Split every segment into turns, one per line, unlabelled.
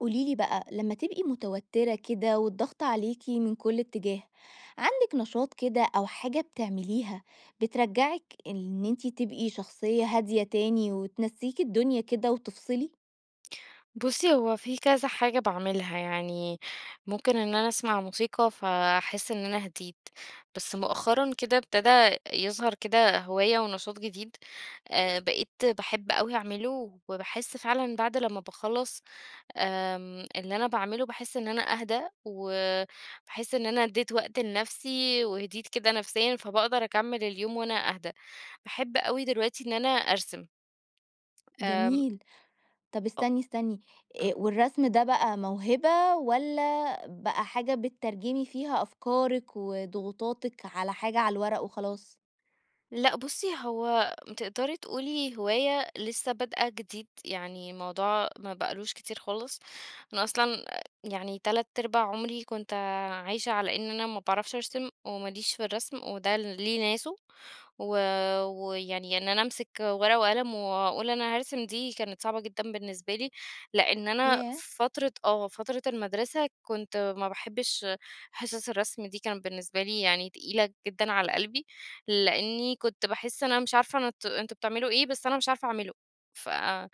قولي لي بقى، لمّا تبقي مُتَوتِّرة كده والضغط عليكِ من كل اتجاه، عندك نشاط كده أو حاجة بتعمليها، بترجّعك إن أنتِ تبقي شخصية هادية تاني، وتنسّيكِ الدنيا كده وتفصلي؟
بُصّي، هو في كذا حاجة باعملها. يعني ممكن إن أنا أسمع موسيقى ف أحِس إن أنا هِديت. بس مؤخرًا كده ابتدا يظهر كده هواية ونشاط جديد. أ بقيت باحب أوي أعمله، وباحس فعلًا بعد لمّا باخلّص آمم اللي أنا باعمله باحِس إن أنا أهدا، وباحس إن أنا ادّيت وقت لنفسي وهِديت كده نفسيًا، فباقدر أكمّل اليوم وأنا أهدا. باحب أوي دلوقتي إن أنا أرسم. آمم
جميل. طب
أ
استني، استني.
آه.
آآ والرسم ده بقى موهبة، والّا بقى حاجة بتترجمي فيها أفكارِك وضغوطاتِك على حاجة على الورق وخلاص؟
لأ بُصّي، هو تقدري تقولي هواية لسّه بادئة جديد. يعني موضوع ما بقالوش كتير خالص. أنا أصلًا أ يعني تلات ارباع عمري كنت عايشة على إن أنا ما باعرفش أرسم، وما ليش في الرسم، وده ليه ناسه. و ويعني إن أنا أمسِك ورقة وقلم، واقول أنا هارسم دي، كانت صعبة جدًا بالنسبة لي. لإن أنا
ياه!
في فترة آه. فترة المدرسة كنت ما باحبش حِصَص الرسم دي كانت بالنسبة لي يعني تقيلة جدًا على قلبي، لإنّي كنت باحس أنا مش عارفة نت أنتم بتعملوا إيه، بس أنا مش عارفة أعمله. فأ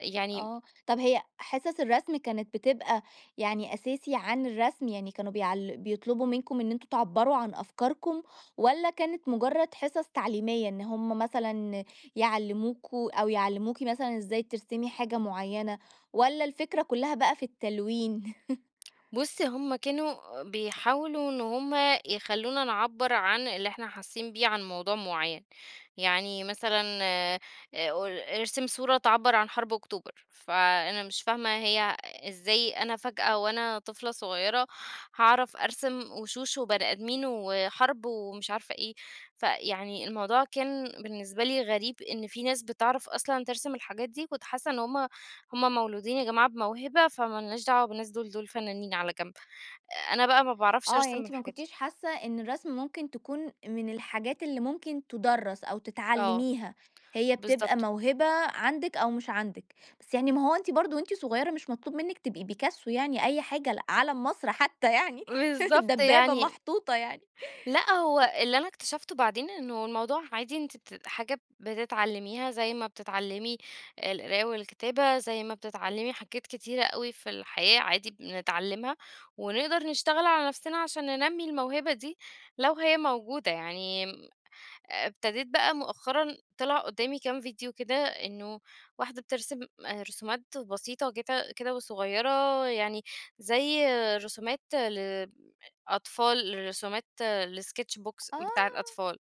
يعني
آه. طب هي حِصَص الرسم كانت بتبقى يعني أساسي عن الرسم؟ يعني كانوا بيعل بيطلبوا منكم إن أنتم تِعبّروا عن أفكاركم، والّا كانت مُجرّد حِصَص تعليمية، إن هم مثلًا يعلموكم أو يعلموكِ مثلًا إزاي ترسمي حاجة معيّنة والّا الفكرة كُلّها بقى في التلوين؟
بُصّي، هم كانوا بيحاولوا إن هم يخلّونا نِعبّر عن اللي إحنا حاسّين بيه عن موضوع معيّن. يعني مثلًا أ أ ارسم صورة تِعبّر عن حرب أكتوبر. فأنا مش فاهمة هي إزاي أنا فجأة وأنا طفلة صغيرة، هاعرف أرسم وشوش وبني أدمين، وحَرب ومش عارفة إيه. فيعني الموضوع كان بالنسبة لي غريب، إن في ناس بتعرف أصلًا ترسم الحاجات دي، كنت حاسّة إن هم هم مولودين يا جماعة بموهبة، فما لناش دعوة بالناس دول. دول فنانين على جنب. أنا بقى ما باعرفش
آه. يعني
أرسم
أنتِ ما
الحاجات دي.
كنتيش حاسّة إن الرسم ممكن تكون من الحاجات اللي ممكن تُدَرّس أو
آه.
تتعلّميها. هي بتبقى
بالضبط.
موهبة عندِك أو مش عندِك. بس يعني ما هو أنتِ برضه وأنتِ صغيرة مش مطلوب منِّك تبقي بيكاسو يعني أي حاجة ل عَلَم مصر حتّى يعني،
بالضبط
دبّابة
يعني
محطوطة يعني.
لأ. هو اللي أنا اكتشفته بعدين، إنه الموضوع عادي أنت ت حاجة بتتعلّميها زي ما بتتعلّمي القراية والكتابة، زي ما بتتعلّمي حاجات كتيرة أوي في الحياة عادي بنتعلّمها، ونقدر نشتغل على نفسنا عشان ننمّي الموهبة دي لو هي موجودة. يعني م ابتديت بقى مؤخرًا طلع قدامي كام فيديو كده، إنه واحدة بترسم رسومات بسيطة وجت كده وصغيرة يعني زي رسومات ل أ أطفال لرسومات الsketch box بتاع
آه.
الأطفال.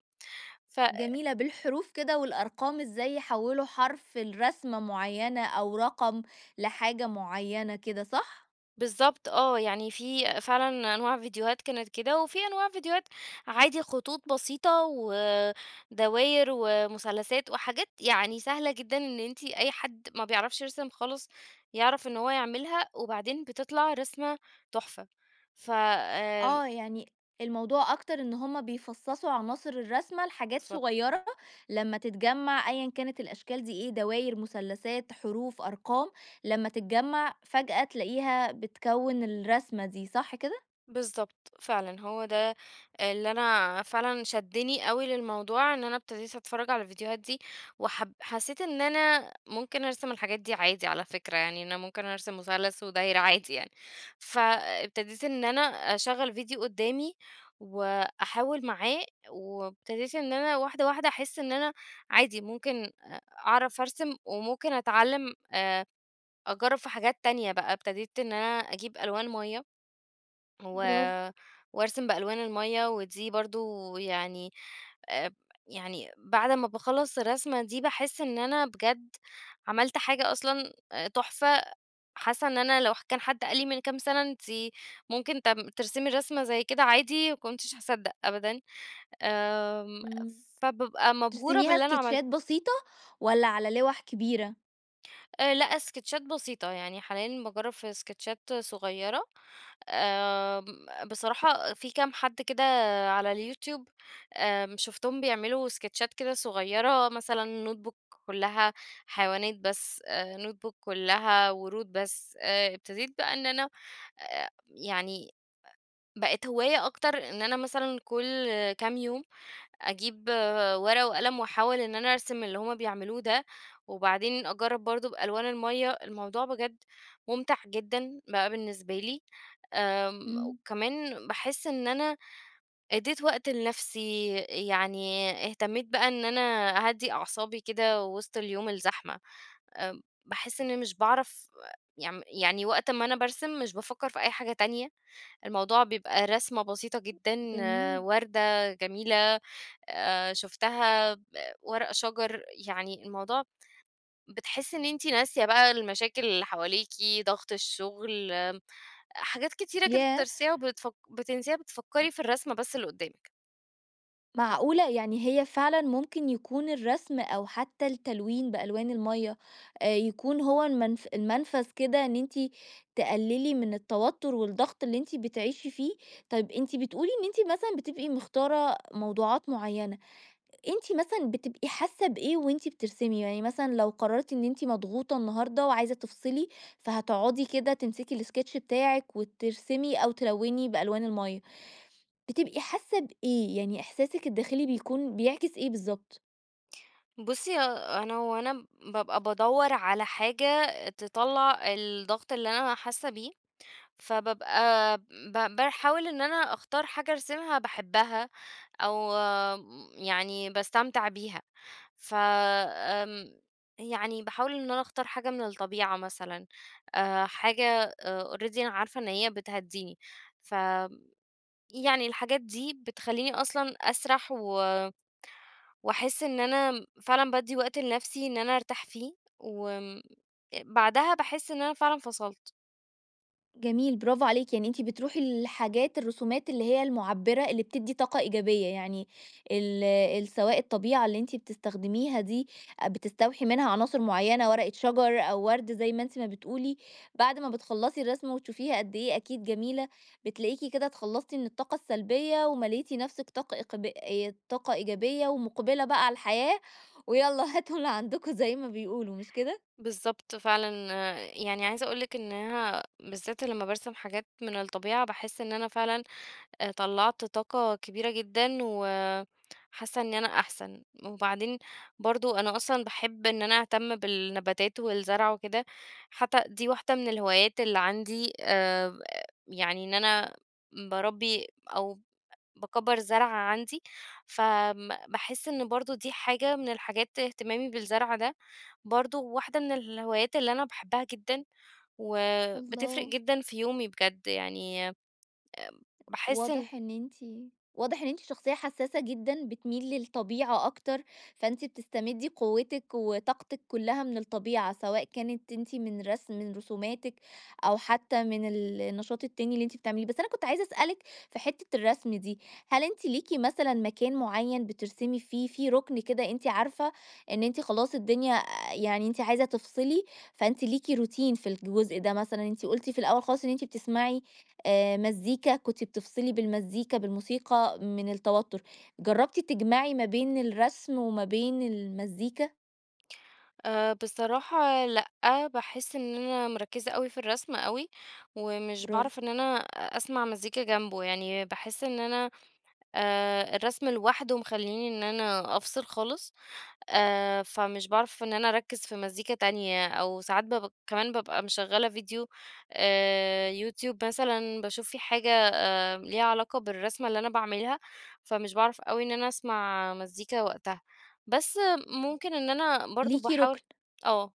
ف
جميلة بالحروف كده والأرقام، إزاي يحوّلوا حرف لرسمة معيّنة أو رقم لحاجة معيّنة كده صح؟
بالضبط آه، يعني في فعلًا أنواع فيديوهات كانت كده، وفي أنواع فيديوهات عادي خطوط بسيطة، ودواير، ومثلثات، وحاجات يعني سهلة جدًا إن أنتِ أي حد ما بيعرفش يرسم خالص يعرف إن هو يعملها، وبعدين بتطلع رسمة تحفة ف آآ
آه يعني الموضوع أكتر إن هم بيفصصوا عناصر الرسمة لحاجات
بالضبط
صغيرة، لما تتجمع أيًا كانت الأشكال دي إيه دواير، مثلثات، حروف، أرقام، لما تتجمع، فجأة تلاقيها بتكوّن الرسمة دي صح كده؟
بالضبط فعلًا، هو ده اللي أنا فعلًا شدني أوي للموضوع إن أنا ابتديت أتفرج على الفيديوهات دي وحب حسيت إن أنا ممكن أرسم الحاجات دي عادي على فكرة، يعني أنا ممكن أرسم مثلث ودايرة عادي يعني، فابتديت إن أنا أشغل فيديو قدّامي، وأحاول معاه، وابتديت إن أنا واحدة واحدة أحس إن أنا عادي ممكن أ أعرف أرسم، وممكن أتعلم آآ أجرب في حاجات تانية بقى، ابتديت إن أنا أجيب ألوان مَيّة، و
براڤو.
وأرسم بألوان المَيّة ودي برضه يعني آآ يعني بعد ما باخلص الرسمة دي باحس إن أنا بجد عملت حاجة أصلًا تحفة، حاسة إن أنا لو كان حد قال لي من كام سنة أنتِ ممكن ت ترسمي الرسمة زي كده عادي ما كنتش هاصدق أبدًا، آمم
إمم،
فبابقى مبهورة
بترسميها
باللي أنا عملته.
إسكيتشات بسيطة، والّا على لِوَح كبيرة؟
آآ لأ، اسكتشات بسيطة، يعني حاليًا باجرب في اسكتشات صُغيرة، آمم بصراحة في كام حد كده على الYouTube آمم، شوفتهم بيعملوا اسكتشات كده صُغيرة، مثلًا notebook كُلّها حيوانات بس، آآ notebook كُلّها ورود بس، آآ أبتديت بقى إن أنا أ يعني أ بقت هواية أكتر، إن أنا مثلًا كُلّ كام يوم أجيب ورقة وقلم، وأحاول إن أنا أرسم اللي هُم بيعملوه ده وبعدين أجرّب برضه بألوان المَيّة. الموضوع بجد مُمتع جدًا بقى بالنسبة لي، آمم
امم.
وكمان باحس إن أنا أدّيت وقت لنفسي، يعني اهتميت بقى إن أنا أهدّي أعصابي كده وسط اليوم الزحمة. آمم باحس إني مش باعرف يم يعني وقت أمّا أنا بارسم، مش بافكر في أي حاجة تانية، الموضوع بيبقى رسمَة بسيطة جدًا،
جميل
وردة جميلة آآ شُفتها ب ورق شجر، يعني الموضوع بتحسي إن أنتِ ناسية بقى المشاكل اللي حواليِكِ، ضغط الشغل، آمم حاجات كتيرة كده
ياه!
بترسيها وبتفَك بتنسيها
أ
بتفكري في الرسمَة بس اللي قدامِك.
معقولة! يعني هي فعلًا ممكن يكون الرسم أو حتى التلوين بألوان المَيّة، آآ يكون هو المن المنفذ كده إن أنتِ تقللي من التوتر والضغط اللي أنتِ بتعيشي فيه؟ طب أنتِ بتقولي إن أنتِ مثلًا بتبقي مختارة موضوعات معينة، أنتِ مثلًا بتبقي حاسة بإيه وأنتِ بترسمي؟ يعني مثلًا لو قررتِ إن أنتِ مضغوطة النهاردة وعايزة تفصلي، فهتقعدي كده تمسكي الsketch بتاعك وترسمي أو تلوني بألوان المَيّة. بتبقي حاسة بإيه، يعني إحساسِك الداخلي بيكون بيعكس إيه بالضبط؟
بُصي أنا وأنا بابقى بادوّر على حاجة تطلع الضغط اللي أنا حاسة بيه، فبابقى ب باحاول إن أنا أختار حاجة أرسمها باحبها، أو يعني باستمتع بيها، ف آمم يعني باحاول إن أنا أختار حاجة من الطبيعة مثلًا، آآ حاجة already أنا عارفة إن هي بتهدّيني، فيعني الحاجات دي بتخلّيني أصلًا أسرَح و وأحس إن أنا فعلًا بادّي وقت لنفسي إن أنا أرتاح فيه، وامم بعدها باحس إن أنا فعلًا فصلت.
جميل برافو عليكِ، يعني أنتِ بتروحي للحاجات الرسومات اللي هي المعبّرة اللي بتدّي طاقة إيجابية يعني، ال ال سواء الطبيعة اللي أنتِ بتستخدميها دي، أ بتستوحي منها عناصر معيّنة ورقة شجر، أو ورد زي ما أنتِ ما بتقولي، بعد ما بتخلّصي الرسمة وتشوفيها قد إيه أكيد جميلة، بتلاقيكِ كده اتخلّصتِ من الطاقة السلبية ومليتِ نفسِك طاقة إقب آآ طاقة إيجابية، ومقبلة بقى على الحياة، ويالّا هاتوا اللي عندكم زي ما بيقولوا مش كده؟
بالضبط فعلًا، يعني عايزة أقول لِك إنها، بالذات لما بارسم حاجات من الطبيعة باحس إن أنا فعلًا، آآ طلّعت طاقة كبيرة جدًا، و حاسة إني أنا أحسن، وبعدين برضه أنا أصلًا باحب إن أنا أهتم بالنباتات والزرع وكده، حتى دي واحدة من الهوايات اللي عندي، آآ يعني إن أنا باربّي أو باكبّر زرع عندي، ف م باحس إن برضه دي حاجة من الحاجات اهتمامي بالزرع ده، برضه واحدة من الهوايات اللي أنا باحبها جدًا، وبتفرق
الله.
جدًا في يومي بجد يعني، آمم باحس إن
واضح إن أنتِ واضح إن أنتِ شخصية حسّاسة جدًا بتميل للطبيعة أكتر، فأنتِ بتستمدي قوتِك وطاقتِك كلها من الطبيعة، سواء كانت أنتِ من رسم من رسوماتِك أو حتى من النشاط التاني اللي أنتِ بتعمليه، بس أنا كنت عايزة أسألِك في حتّة الرسم دي، هل أنتِ ليكِ مثلًا مكان معيّن بترسمي فيه، في ركن كده أنتِ عارفة إن أنتِ خلاص الدنيا أ يعني أنت عايزة تفصلي فأنتِ ليكِ روتين في الجزء ده مثلًا، أنتِ قُلتِ في الأول خالص إن أنت بتسمعي آآ مزيكا، كنتِ بتفصلي بالمزيكا بالموسيقى من التوتّر، جربتِ تجمَعي ما بين الرسم، وما بين المزيكا؟
آآ بصراحة لأ. باحِس إن أنا مركِّزة أوي في الرسم أوي، ومش
برافو.
باعرف إن أنا أ أسمع مزيكا جنبه. يعني باحِس إن أنا أ الرسم لوحده مخلّيني إن أنا أفصل خالص. آآ فمش باعرف إن أنا أركِّز في مزيكا تانية، أو ساعات باب كمان بابقى مِشغّلة فيديو آآ يوتيوب مثلًا باشوف في حاجة آآ ليها علاقة بالرسمة اللي أنا باعملها، فمش باعرف أوي إن أنا أسمع مزيكا وقتها. بس ممكن إن أنا برضه
ليكِ
باحاول
رُكن.
آه.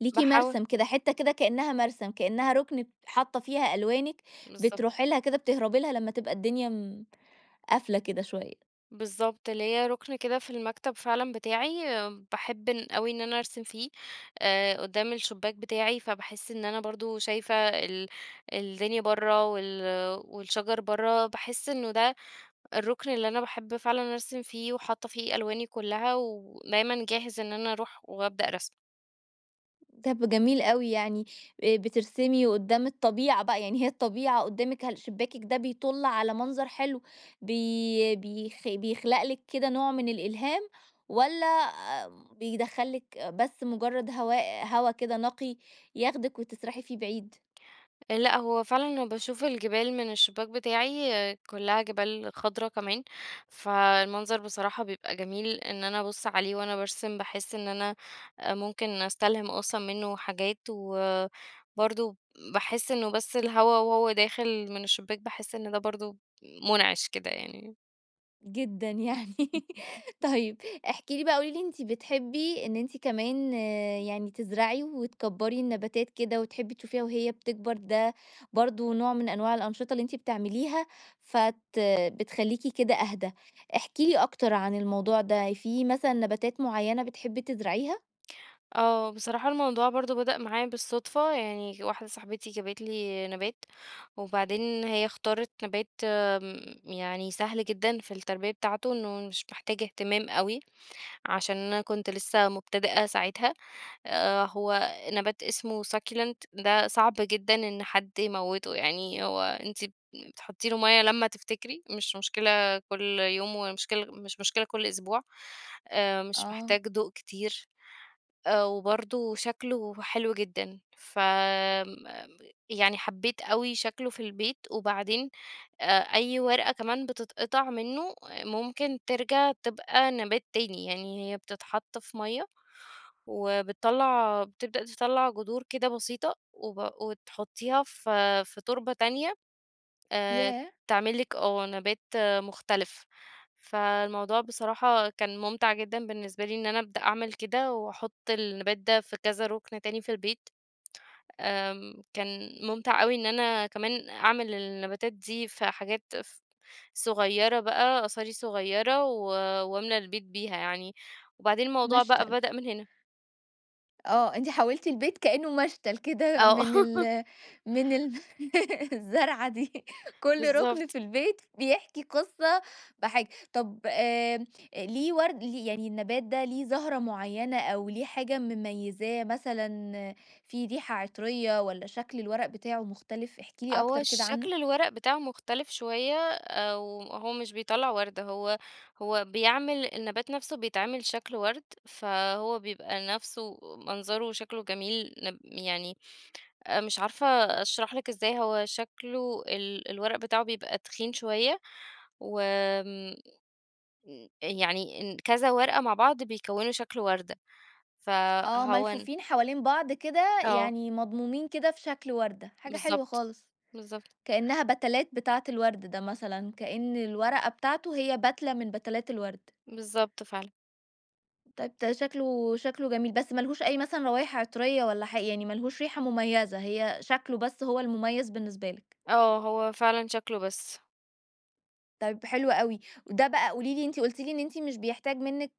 ليكِ
باحاو
مَرسَم كده. حتّة كده كإنّها مَرسَم، كإنّها رُكن ت حاطة فيها ألوانِك،
بالضبط.
بتروحي لها كده، بتهربي لها لمّا تبقى الدنيا م قافلة كده شوية.
بالضبط. ليّا رُكن كده في المكتب فعلًا بتاعي باحب ان أوي إن أنا أرسم فيه، أ قُدّام الشباك بتاعي. فباحِس إن أنا برضه شايفة ال الدنيا برّه وال والشجر برّه، باحِس إنه ده الرُكن اللي أنا باحب فعلًا أرسم فيه، وحاطة فيه ألواني كُلّها، ودايمًا جاهز إن أنا أروح وابدأ رسم.
طب جميل أوي يعني، آآ بترسمي قدّام الطبيعة بقى، يعني هي الطبيعة قدّامِك، هل شباكِك ده بيطُل على منظر حلو، بي بيخ بيخلق لِك كده نوع من الإلهام، والّا بيدخّل لِك بس مجرد هواء هوا كده نقي ياخدِك، وتسرحي فيه بعيد؟
لأ هو فعلًا باشوف الجبال من الشبّاك بتاعي، كلها جبال خضرا كمان، فالمنظر بصراحة بيبقى جميل، إن أنا أبُص عليه وأنا بارسم باحس إن أنا ممكن أستلهم أصلًا منه حاجات، وبرضه باحس إنه بس الهوا وهو داخل من الشبّاك باحس إن ده برضه مُنعش كده يعني.
جدًا يعني،
[unintelligible]
طيب احكِ لي بقى قولي لي أنتِ بتحبّي، إن أنتِ كمان يعني تزرعي، وتكبّري النباتات كده، وتحبّي تشوفيها وهي بتكبر، ده برضه نوع من أنواع الأنشطة اللي أنتِ بتعمليها، فت بتخلّيكِ كده أهدى، احكي لي أكتر عن الموضوع ده، في مثلًا نباتات معيّنة بتحبّي تزرعيها؟
آه بصراحة الموضوع برضه بدأ معايا بالصدفة، يعني واحدة صاحبتي جابت لي نَبات، وبعدين هي اختارت نَبات آمم يعني سهل جدًا في التربية بتاعته، إنه مش محتاج اهتمام أوي، عشان أنا كنت لسه مبتدئة ساعتها، آآ هو نبات اسمه succulent ده صعب جدًا إن حد يموته، يعني هو أنتِ بتحطّي له مَيّة لمّا تفتكري، مش مشكلة كُل يوم ومشكلة مش مشكلة كُل أسبوع، آآ مش
آه.
محتاج ضوء كتير، آآ وبرضه شكله حلو جدًا، ف م م يعني حبّيت أوي شكله في البيت، وبعدين آآ أي ورقة كمان بتتقطع منه، ممكن ترجَع تبقى نَبات تاني، يعني هي بتتحط في مَيّة، وبتطلّع بتبدأ تطلّع جدور كده بسيطة، وب وتحطّيها في في تربة تانية، آآ
ياه!
تعمل لِك آه نَبات مختلف، فالموضوع بصراحة كان ممتع جدًا بالنسبة لي، إن أنا أبدأ أعمل كده وأحط النَبات ده في كذا رُكن تاني في البيت، آمم كان ممتع أوي إن أنا كمان أعمل النباتات دي في حاجات ف صغيّرة بقى قصاري صغيّرة، و وأملى البيت بيها يعني، وبعدين الموضوع بقى
مشتَل.
بدأ من هنا.
آه أنتِ حوّلتِ البيت كإنه مشتَل كده
آه.
من ال من ال الزرعة دي كل ركن
بالضبط.
في البيت بيحكي قِصّة بحاجة، طب آآ ليِه ورد يعني النبات ده ليِه زهرة معيّنة أو ليِه حاجة مميزاه مثلًا، فيه ريحة عطريّة والّا شكل الورق بتاعه مختلف؟ احكِ لي
هو
أكتر كده عنه.
شكل الورق بتاعه مختلف شويّة، آآ وهو مش بيطلّع ورد، هو هو بيعمل النَبات نفْسه بيتعمل شكل ورد، فهو بيبقى نفْسه منظره وشكله جميل، نب يعني آآ مش عارفة أشرح لِك إزاي هو شكله ال الورق بتاعه بيبقى تخين شويّة، و آمم م يعني ن كذا ورقة مع بعض بيكوِّنوا شكل وردة،
آه
فهو ان
ملفوفين حوالين بعض كده،
آه.
يعني مضمومين كده في شكل وردة، حاجة حلوة
بالضبط،
خالص،
بالضبط.
كإنها بَتَلات بتاعة الورد ده مثلًا، كإن الورقة بتاعته هي بَتلة من بَتَلات الورد.
بالضبط فعلًا.
طيب ده شكلُه شكلُه جميل، بس ما لهوش أي مثلًا روايح عِطرية والّا حا يعني ما لهوش ريحة مميّزة، هي شكلُه بس هو المميّز بالنسبة لِك؟
آه، هو فعلًا شكْل وبس.
طيب حلو أوي. وده بقى قولي لي، أنتِ قلتِ لي إن أنتِ مش بيحتاج منِّك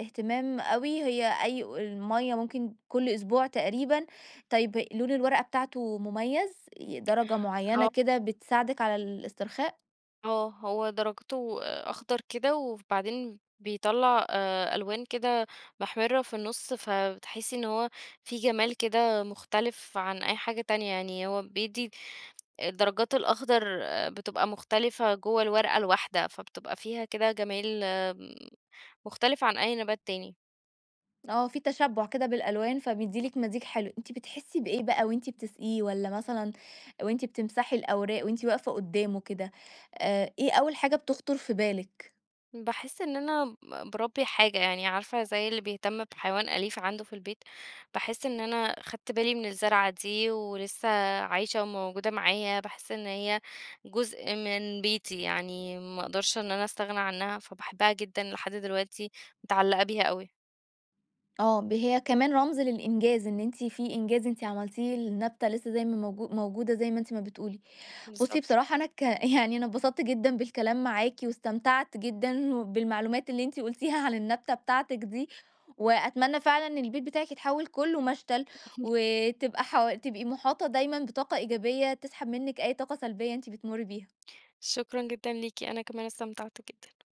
إهتمام أوي، هي أي و المَيَّة ممكن كُل أسبوع تقريبًا، طيب لون الورقة بتاعته مميّز، ي درجة معيّنة
آه.
كده بتساعدِك على الاسترخاء؟
آه، هو درَجته أخضر كده وبعدين بيطلّع آآ ألوان كده محمِرّة في النُّص، ف تحسّي إن هو فيi جمال كده مختلف عن أي حاجة تانية، يعني هو بيدّي الدرجات الأخضر بتبقى مختلفة جوَّه الورقة الواحدة، فبتبقى فيها كده جمال، م مختلفة عن أي نبات تاني.
آه، في تشبُّع كده بالألوان، فبيدي لِك
[unintelligible]
مزيج حلو. أنتِ بتحسّي بإيه بقى وأنتِ بتسقِيه والّا مثلًا وأنتِ بتمسحي الأوراق وأنتِ واقفة قُدّامه كده، آآ إيه أول حاجة بتخطُر في بالِك؟
باحس إن أنا ب باربّي حاجة، يعني عارفة، زي اللي بيهتم بحيوان أليف عَنده في البيت، باحس إن أنا خَدْت بالي من الزّرعة دي ولسّه عايشة وموجودة معايا، باحس إن هي جزء من بيتي يعني، ما أقدرش إن أنا أستغنى عنّها فباحبها جدًا لحد دلوقتي، متعلَّقة بيها أوي.
آه، ب هي كمان رمز للإنجاز، إن أنتِ في إنجاز أنتِ عملتيه للنبتة لسّه زي ما موجو موجودة زي ما أنتِ ما بتقولي. بُصّي
بالضبط.
بصراحة، أنا ك يعني أنا اتبسطت جدًا بالكلام معاكِ واستمتعت جدًا وبالمعلومات اللي أنتِ قلتيها عن النبتة بتاعتِك دي وأتمنى فعلًا إن البيت بتاعِك يتحوّل كُلّه مشتَل وتبقى حو تبقي مُحاطة دايمًا بطاقة إيجابية تسحَب منِّك أي طاقة سلبيّة أنتِ بتمرّي بيها.
شكرًا جدًا ليكِ، أنا كمان استمتعت جدًا.